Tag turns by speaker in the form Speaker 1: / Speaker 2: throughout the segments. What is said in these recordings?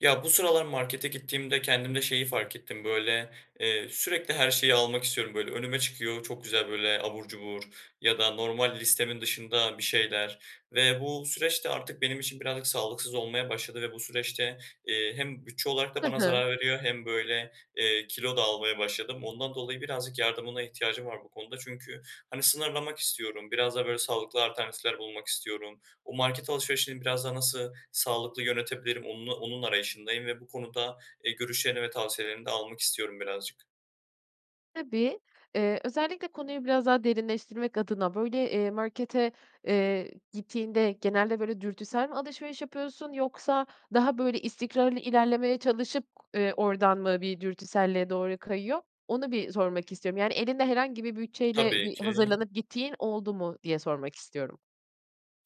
Speaker 1: Ya, bu sıralar markete gittiğimde kendimde şeyi fark ettim: Böyle, eee, sürekli her şeyi almak istiyorum, böyle, önüme çıkıyor, çok güzel, böyle, abur cubur ya da normal listemin dışında bir şeyler ve bu süreç de artık benim için birazcık sağlıksız olmaya başladı ve bu süreçte, eee, hem bütçe olarak da
Speaker 2: Hı
Speaker 1: bana
Speaker 2: hı.
Speaker 1: zarar veriyor hem, böyle, eee, kilo da almaya başladım. Ondan dolayı birazcık yardımına ihtiyacım var bu konuda çünkü, hani, sınırlamak istiyorum, biraz daha böyle, sağlıklı alternatifler bulmak istiyorum. O market alışverişini biraz daha nasıl sağlıklı yönetebilirim, onnu onun arayışındayım ve bu konuda, ııı, görüşlerini ve tavsiyelerini de almak istiyorum birazcık.
Speaker 2: Tabii. Iıı, özellikle konuyu biraz daha derinleştirmek adına, böyle, eee, markete, eee, gittiğinde genelde, böyle, dürtüsel mi alışveriş yapıyorsun, yoksa daha böyle, istikrarlı ilerlemeye çalışıp, ııı, oradan mı bir dürtüselliğe doğru kayıyor? Onu bir sormak istiyorum. Yani elinde herhangi bir bütçeyle
Speaker 1: Tabii
Speaker 2: bir
Speaker 1: ki.
Speaker 2: hazırlanıp gittiğin oldu mu diye sormak istiyorum.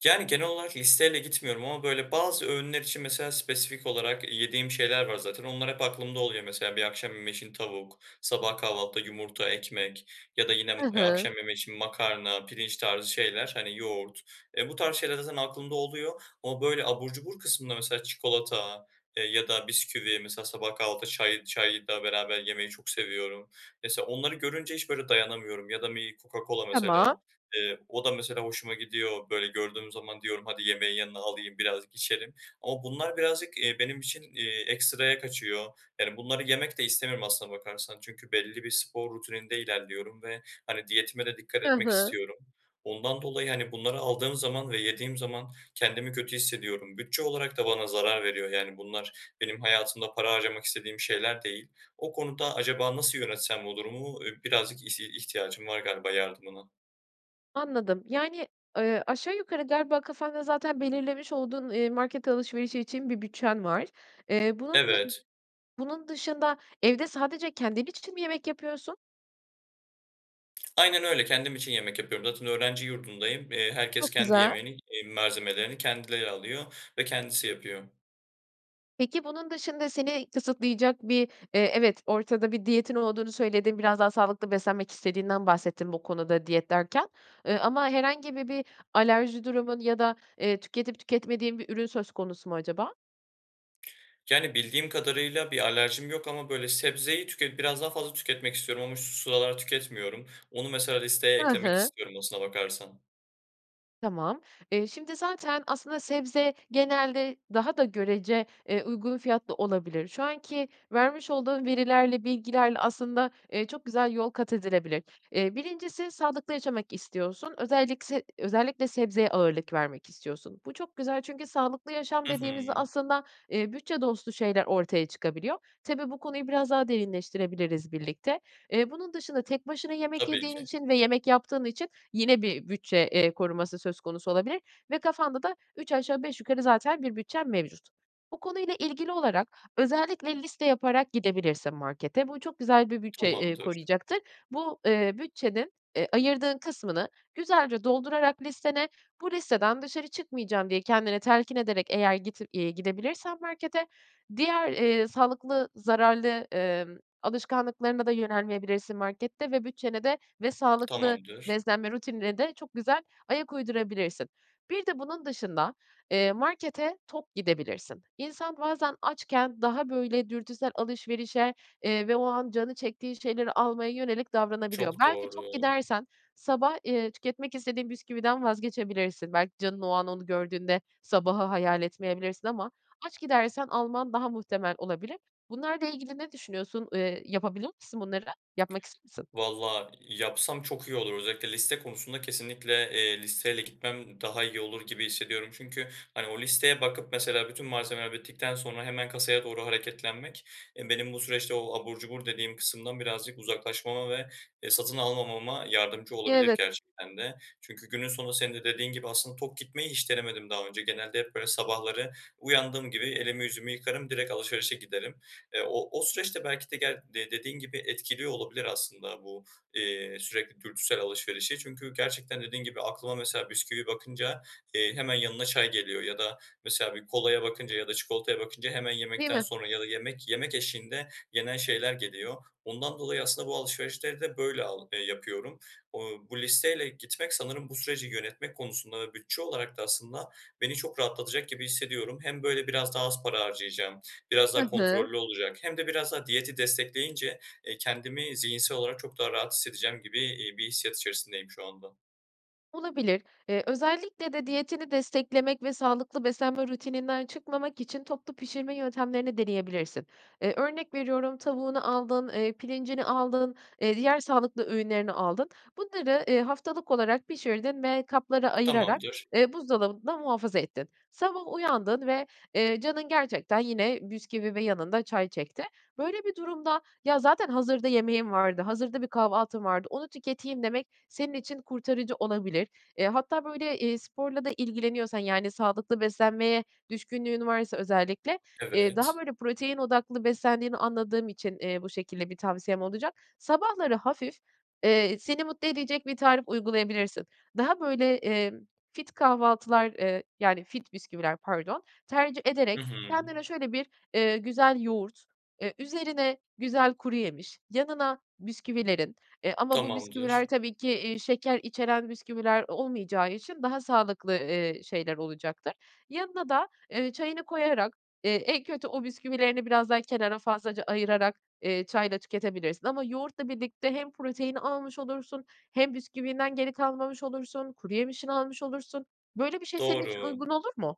Speaker 1: Yani, genel olarak listeyle gitmiyorum ama, böyle, bazı öğünler için mesela spesifik olarak yediğim şeyler var zaten. Onlar hep aklımda oluyor. Mesela bir akşam yemeği için tavuk, sabah kahvaltıda yumurta, ekmek ya da yine m
Speaker 2: Hı
Speaker 1: eee,
Speaker 2: hı.
Speaker 1: akşam yemeği için makarna, pirinç tarzı şeyler, hani, yoğurt, eee, bu tarz şeyler zaten aklımda oluyor ama, böyle, abur cubur kısmında mesela çikolata, eee, ya da bisküvi, mesela sabah kahvaltıda çay çay da beraber yemeyi çok seviyorum. Mesela onları görünce hiç, böyle, dayanamıyorum ya da bir Coca-Cola
Speaker 2: Tamam.
Speaker 1: mesela, eee, o da mesela hoşuma gidiyor. Böyle, gördüğüm zaman diyorum, "Hadi, yemeğin yanına alayım, biraz içerim." ama bunlar birazcık, eee, benim için, eee, ekstraya kaçıyor. Yani bunları yemek de istemiyorum aslına bakarsan. Çünkü belli bir spor rutininde ilerliyorum ve, hani, diyetime de dikkat
Speaker 2: Hı
Speaker 1: etmek
Speaker 2: hı.
Speaker 1: istiyorum. Ondan dolayı, hani, bunları aldığım zaman ve yediğim zaman kendimi kötü hissediyorum. Bütçe olarak da bana zarar veriyor. Yani bunlar benim hayatımda para harcamak istediğim şeyler değil. O konuda acaba nasıl yönetsem bu durum? I birazcık ihti ihtiyacım var galiba yardımına.
Speaker 2: Anladım. Yani, ııı, aşağı yukarı galiba kafanda zaten belirlemiş olduğun, eee, market alışverişi için bir bütçen var. Eee, bunun dı
Speaker 1: Evet.
Speaker 2: bunun dışında evde sadece kendin için mi yemek yapıyorsun?
Speaker 1: Aynen öyle, kendim için yemek yapıyorum. Zaten öğrenci yurdundayım, eee, herkes
Speaker 2: Çok
Speaker 1: kendi
Speaker 2: güzel.
Speaker 1: yemeğini, eee ,malzemelerini kendileri alıyor ve kendisi yapıyor.
Speaker 2: Peki, bunun dışında seni kısıtlayacak bir, eee, evet, ortada bir diyetin olduğunu söyledin, biraz daha sağlıklı beslenmek istediğinden bahsettin bu konuda, diyet derken, ııı, ama herhangi bir bir alerji durumun ya da, eee, tüketip tüketmediğin bir ürün söz konusu mu acaba?
Speaker 1: Yani, bildiğim kadarıyla, bir alerjim yok ama, böyle, sebzeyi tüket biraz daha fazla tüketmek istiyorum ama şu sıralar tüketmiyorum, onu mesela listeye
Speaker 2: Hı
Speaker 1: eklemek
Speaker 2: hı.
Speaker 1: istiyorum aslına bakarsan.
Speaker 2: Tamam. Eee, şimdi zaten aslında sebze genelde daha da görece, eee, uygun fiyatlı olabilir. Şu anki vermiş olduğun verilerle, bilgilerle aslında, eee, çok güzel yol kat edilebilir. Eee, 1'incisi sağlıklı yaşamak istiyorsun, özellik se özellikle sebzeye ağırlık vermek istiyorsun. Bu çok güzel çünkü sağlıklı yaşam
Speaker 1: Hı
Speaker 2: dediğimizde
Speaker 1: hı.
Speaker 2: aslında, eee, bütçe dostu şeyler ortaya çıkabiliyor. Tabii, bu konuyu biraz daha derinleştirebiliriz birlikte. Eee, bunun dışında tek başına yemek
Speaker 1: Tabii
Speaker 2: yediğin
Speaker 1: ki.
Speaker 2: için ve yemek yaptığın için yine bir bütçe, eee, koruması söz konusu olabilir ve kafanda da üç aşağı beş yukarı zaten bir bütçen mevcut. Bu konuyla ilgili olarak özellikle liste yaparak gidebilirsin markete. Bu çok güzel bir bütçe, eee,
Speaker 1: Tamamdır.
Speaker 2: koruyacaktır. Bu, eee, bütçenin, eee, ayırdığın kısmını güzelce doldurarak listene, "Bu listeden dışarı çıkmayacağım." diye kendini telkin ederek, eğer git iii, gidebilirsen markete, diğer, eee, sağlıklı, zararlı, ımm, alışkanlıklarına da yönelmeyebilirsin markette ve bütçene de, ve sağlıklı
Speaker 1: Tamamdır.
Speaker 2: beslenme rutinine de çok güzel ayak uydurabilirsin. Bir de bunun dışında, eee, markete tok gidebilirsin. İnsan bazen açken daha, böyle, dürtüsel alışverişe, eee, ve o an canı çektiği şeyleri almaya yönelik davranabiliyor.
Speaker 1: Çok
Speaker 2: Belki
Speaker 1: doğru.
Speaker 2: tok gidersen sabah, eee, tüketmek istediğin bisküviden vazgeçebilirsin. Belki canın o an onu gördüğünde sabahı hayal etmeyebilirsin ama aç gidersen alman daha muhtemel olabilir. Bunlarla ilgili ne düşünüyorsun? Eee, yapabilir misin bunları? Yapmak ister misin?
Speaker 1: Valla yapsam çok iyi olur. Özellikle liste konusunda kesinlikle, eee, listeyle gitmem daha iyi olur gibi hissediyorum. Çünkü, hani, o listeye bakıp, mesela, bütün malzemeler bittikten sonra hemen kasaya doğru hareketlenmek, eee, benim bu süreçte o abur cubur dediğim kısımdan birazcık uzaklaşmama ve, eee, satın almamama yardımcı
Speaker 2: Y
Speaker 1: olabilir
Speaker 2: evet.
Speaker 1: gerçekten de. Çünkü günün sonunda, senin de dediğin gibi, aslında tok gitmeyi hiç denemedim daha önce. Genelde hep, böyle, sabahları uyandığım gibi elimi yüzümü yıkarım, direkt alışverişe giderim. Eee, o o süreç de belki de, gel dediğin gibi, etkiliyor olabilir aslında bu, eee, sürekli dürtüsel alışverişi. Çünkü gerçekten, dediğin gibi, aklıma, mesela, bisküvi bakınca, eee, hemen yanına çay geliyor ya da, mesela, bir kolaya bakınca ya da çikolataya bakınca hemen
Speaker 2: Değil
Speaker 1: yemekten
Speaker 2: mi?
Speaker 1: sonra ya da yemek, yemek eşliğinde yenen şeyler geliyor. Ondan dolayı aslında bu alışverişleri de böyle al ııı, yapıyorum. Iıı, bu listeyle gitmek sanırım bu süreci yönetmek konusunda ve bütçe olarak da aslında beni çok rahatlatacak gibi hissediyorum. Hem böyle biraz daha az para harcayacağım, biraz daha
Speaker 2: Hı hı.
Speaker 1: kontrollü olacak hem de biraz daha diyeti destekleyince, eee, kendimi zihinsel olarak çok daha rahat hissedeceğim gibi, ııı, bir hissiyat içerisindeyim şu anda.
Speaker 2: Olabilir. Eee, özellikle de diyetini desteklemek ve sağlıklı beslenme rutininden çıkmamak için toplu pişirme yöntemlerini deneyebilirsin. Eee, örnek veriyorum, tavuğunu aldın, eee, pirincini aldın, eee, diğer sağlıklı öğünlerini aldın. Bunları, eee, haftalık olarak pişirdin ve kaplara ayırarak,
Speaker 1: Tamamdır.
Speaker 2: eee, buzdolabında muhafaza ettin. Sabah uyandın ve, eee, canın gerçekten yine bisküvi ve yanında çay çekti. Böyle bir durumda, "Ya, zaten hazırda yemeğim vardı, hazırda bir kahvaltım vardı, onu tüketeyim." demek senin için kurtarıcı olabilir. Eee, hatta, böyle, eee, sporla da ilgileniyorsan, yani, sağlıklı beslenmeye düşkünlüğün varsa özellikle, eee, daha,
Speaker 1: Evet.
Speaker 2: böyle, protein odaklı beslendiğini anladığım için, eee, bu şekilde bir tavsiyem olacak. Sabahları hafif, eee, seni mutlu edecek bir tarif uygulayabilirsin. Daha, böyle, emm, fit kahvaltılar, eee, yani, fit bisküviler, pardon, tercih
Speaker 1: Hı
Speaker 2: ederek
Speaker 1: hı.
Speaker 2: kendine şöyle bir, eee, güzel yoğurt, eee, üzerine güzel kuruyemiş, yanına bisküvilerin, eee, ama bu bisküviler
Speaker 1: Tamamdır.
Speaker 2: tabii ki, eee, şeker içeren bisküviler olmayacağı için daha sağlıklı, eee, şeyler olacaktır. Yanına da, eee, çayını koyarak, eee, en kötü o bisküvilerini biraz daha kenara fazlaca ayırarak, eee, çayla tüketebilirsin ama yoğurtla birlikte hem proteini almış olursun hem bisküvinden geri kalmamış olursun, kuruyemişini almış olursun. Böyle bir şey senin için
Speaker 1: Doğru.
Speaker 2: uygun olur mu?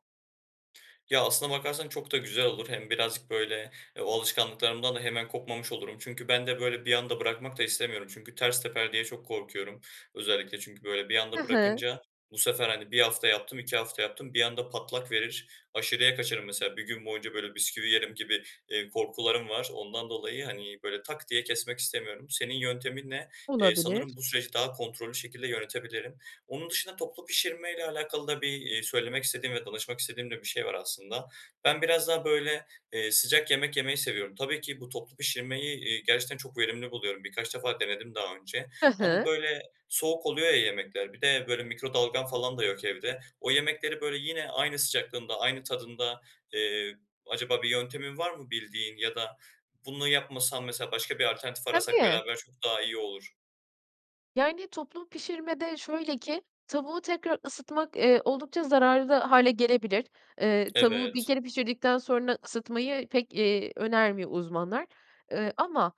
Speaker 1: Ya, aslına bakarsan çok da güzel olur, hem birazcık böyle, e, o alışkanlıklarımdan da hemen kopmamış olurum. Çünkü ben de böyle bir anda bırakmak da istemiyorum çünkü ters teper diye çok korkuyorum. Özellikle çünkü böyle bir
Speaker 2: Hı
Speaker 1: anda
Speaker 2: hı.
Speaker 1: bırakınca bu sefer, hani, 1 hafta yaptım, 2 hafta yaptım, bir anda patlak verir, aşırıya kaçarım mesela, 1 gün boyunca böyle bisküvi yerim gibi, eee, korkularım var. Ondan dolayı, hani, böyle, "tak" diye kesmek istemiyorum. Senin yönteminle, eee,
Speaker 2: Olabilir.
Speaker 1: sanırım bu süreci daha kontrollü şekilde yönetebilirim. Onun dışında toplu pişirmeyle alakalı da bir, eee, söylemek istediğim ve danışmak istediğim de bir şey var aslında. Ben biraz daha böyle, eee, sıcak yemek yemeyi seviyorum. Tabii ki bu toplu pişirmeyi, eee, gerçekten çok verimli buluyorum. Birkaç defa denedim daha önce
Speaker 2: Hı
Speaker 1: ama
Speaker 2: hı.
Speaker 1: böyle soğuk oluyor ya yemekler, bir de böyle mikrodalgam falan da yok evde, o yemekleri böyle yine aynı sıcaklığında, aynı tadında, eee, acaba bir yöntemin var mı bildiğin ya da bunu yapmasam, mesela, başka bir alternatif arasak
Speaker 2: Tabii.
Speaker 1: beraber çok daha iyi olur.
Speaker 2: Yani, toplu pişirmede şöyle ki; tavuğu tekrar ısıtmak, eee, oldukça zararlı hâle gelebilir. Eee, tavuğu 1
Speaker 1: Evet.
Speaker 2: kere pişirdikten sonra ısıtmayı pek, eee, önermiyor uzmanlar. Iıı, ama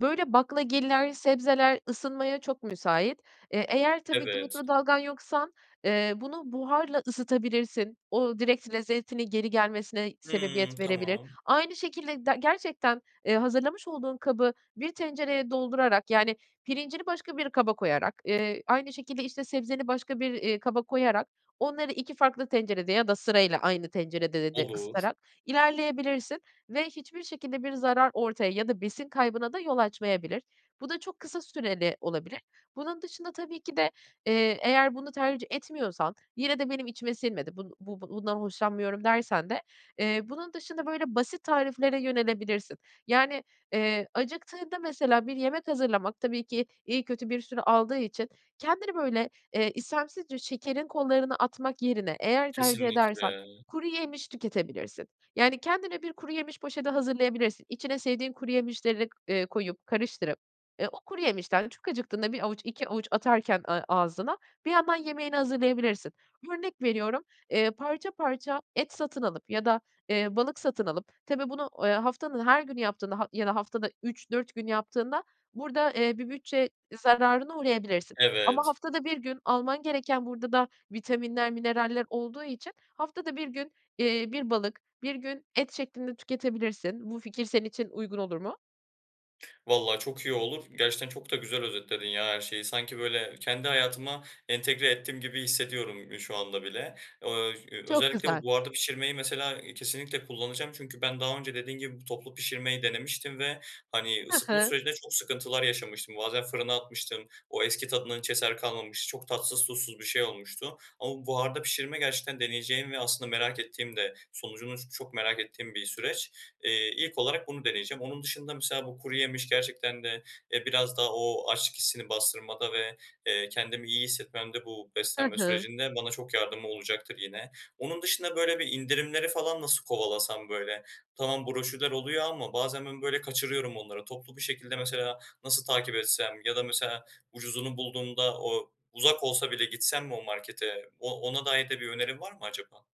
Speaker 2: böyle baklagiller, sebzeler ısınmaya çok müsait. Eee, eğer tabii ki
Speaker 1: Evet.
Speaker 2: mikrodalgan yoksan, eee, bunu buharla ısıtabilirsin. O, direkt lezzetini geri gelmesine
Speaker 1: Hımm,
Speaker 2: sebebiyet verebilir.
Speaker 1: tamam.
Speaker 2: Aynı şekilde de gerçekten, eee, hazırlamış olduğun kabı bir tencereye doldurarak, yani, pirincini başka bir kaba koyarak, eee, aynı şekilde, işte, sebzeni başka bir, iii, kaba koyarak onları 2 farklı tencerede ya da sırayla aynı tencerede de
Speaker 1: Olur.
Speaker 2: ısıtarak ilerleyebilirsin ve hiçbir şekilde bir zarar ortaya ya da besin kaybına da yol açmayabilir. Bu da çok kısa süreli olabilir. Bunun dışında tabii ki de, eee, eğer bunu tercih etmiyorsan, "Yine de benim içime sinmedi, bun bu bundan hoşlanmıyorum" dersen de, eee, bunun dışında böyle basit tariflere yönelebilirsin; yani, eee, acıktığında mesela bir yemek hazırlamak tabii ki iyi kötü bir süre aldığı için kendini böyle, eee, istemsizce şekerin kollarına atmak yerine, eğer tercih edersen,
Speaker 1: Kesinlikle.
Speaker 2: kuruyemiş tüketebilirsin. Yani, kendine bir kuruyemiş poşeti hazırlayabilirsin. İçine sevdiğin kuruyemişleri, eee, koyup, karıştırıp, eee, o kuruyemişten çok acıktığında 1 avuç, 2 avuç atarken ağ ağzına, bir yandan yemeğini hazırlayabilirsin. Örnek veriyorum, eee, parça parça et satın alıp ya da, eee, balık satın alıp, tabii bunu, eee, haftanın her günü yaptığında ha ya da haftada 3-4 gün yaptığında burada, eee, bir bütçe zararına uğrayabilirsin ama
Speaker 1: Evet.
Speaker 2: haftada 1 gün, alman gereken burada da vitaminler, mineraller olduğu için haftada 1 gün, eee, bir balık, 1 gün et şeklinde tüketebilirsin. Bu fikir senin için uygun olur mu?
Speaker 1: Valla çok iyi olur. Gerçekten çok da güzel özetledin ya her şeyi. Sanki, böyle, kendi hayatıma entegre ettim gibi hissediyorum, eee, şu anda bile. Ööö, ş eee,
Speaker 2: Çok
Speaker 1: özellikle
Speaker 2: güzel.
Speaker 1: bu buharda pişirmeyi mesela, eee, kesinlikle kullanacağım çünkü ben daha önce dediğin gibi, bu toplu pişirmeyi denemiştim ve, hani,
Speaker 2: Hı
Speaker 1: ısıtma
Speaker 2: hı.
Speaker 1: sürecinde çok sıkıntılar yaşamıştım. Bazen fırına atmıştım, o eski tadından hiç eser kalmamıştı, çok tatsız tuzsuz bir şey olmuştu. Ama buharda pişirme gerçekten deneyeceğim ve aslında merak ettiğim de sonucunu ç çok merak ettiğim bir süreç. Eee, ilk olarak bunu deneyeceğim. Onun dışında mesela bu kuruyemiş gerçekten de, eee, biraz daha o açlık hissini bastırmada ve, eee, kendimi iyi hissetmemde bu
Speaker 2: Hı
Speaker 1: beslenme
Speaker 2: hı.
Speaker 1: sürecinde bana çok yardımı olacaktır yine. Onun dışında, böyle, bir indirimleri falan nasıl kovalasam, böyle? Tamam, broşürler oluyor ama bazen ben, böyle, kaçırıyorum onları. Toplu bir şekilde mesela nasıl takip etsem ya da mesela ucuzunu bulduğumda o uzak olsa bile gitsem mi o markete? O ona dair de bir önerin var mı acaba?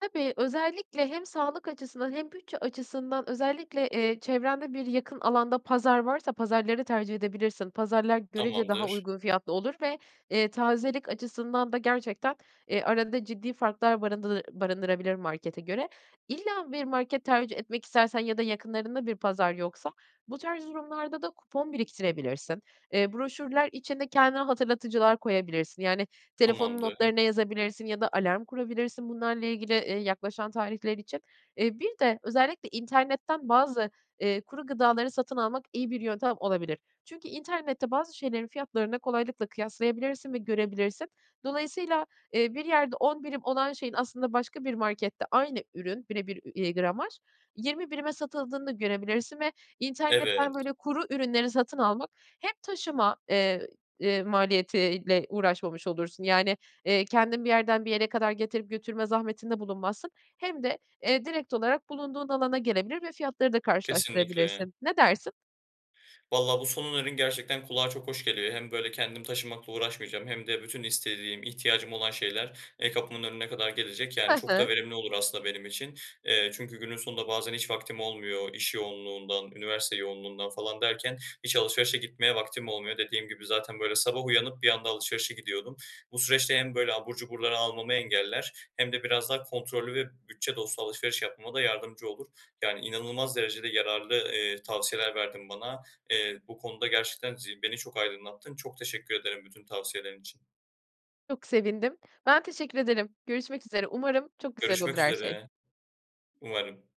Speaker 2: Tabii, özellikle hem sağlık açısından hem bütçe açısından özellikle, eee, çevrende yakın bir alanda pazar varsa pazarları tercih edebilirsin. Pazarlar görece daha
Speaker 1: Tamamdır.
Speaker 2: uygun fiyatlı olur ve, eee, tazelik açısından da gerçekten, eee, arada ciddi farklar barındır barındırabilir markete göre. İlla bir market tercih etmek istersen ya da yakınlarında bir pazar yoksa bu tarz durumlarda da kupon biriktirebilirsin. Eee, broşürler içinde kendine hatırlatıcılar koyabilirsin yani telefonun
Speaker 1: Tamamdır.
Speaker 2: notlarına yazabilirsin ya da alarm kurabilirsin bunlarla ilgili, eee, yaklaşan tarihler için. Eee, bir de özellikle internetten bazı, eee, kuru gıdaları satın almak iyi bir yöntem olabilir. Çünkü internette bazı şeylerin fiyatlarını kolaylıkla kıyaslayabilirsin ve görebilirsin. Dolayısıyla, eee, bir yerde 10 birim olan şeyin aslında başka bir markette aynı ürün bire bir ü iii, gramaj, 20 birime satıldığını da görebilirsin ve
Speaker 1: Evet.
Speaker 2: internetten böyle kuru ürünleri satın almak; hem taşıma, eee, eee, maliyetiyle uğraşmamış olursun yani eee, kendin bir yerden bir yere kadar getirip götürme zahmetinde bulunmazsın hem de, eee, direkt olarak bulunduğun alana gelebilir ve fiyatları da
Speaker 1: Kesinlikle.
Speaker 2: karşılaştırabilirsin. Ne dersin?
Speaker 1: Valla bu son önerin gerçekten kulağa çok hoş geliyor. Hem, böyle, kendim taşımakla uğraşmayacağım hem de bütün istediğim, ihtiyacım olan şeyler, eee, kapımın önüne kadar gelecek
Speaker 2: Hı
Speaker 1: yani çok
Speaker 2: hı.
Speaker 1: da verimli olur aslında benim için. Eee, çünkü günün sonunda bazen hiç vaktim olmuyor iş yoğunluğundan, üniversite yoğunluğundan falan derken hiç alışverişe gitmeye vaktim olmuyor. Dediğim gibi, zaten, böyle, sabah uyanıp bir anda alışverişe gidiyordum. Bu süreçte hem böyle abur cuburları almamı engeller hem de biraz daha kontrollü ve bütçe dostu alışveriş yapmama da yardımcı olur. Yani, inanılmaz derecede yararlı, eee, tavsiyeler verdin bana. Eee, bu konuda gerçekten zi beni çok aydınlattın. Çok teşekkür ederim bütün tavsiyelerin için.
Speaker 2: Çok sevindim. Ben teşekkür ederim. Görüşmek üzere. Umarım çok güzel olur
Speaker 1: Görüşmek
Speaker 2: her şey.
Speaker 1: üzere. Umarım.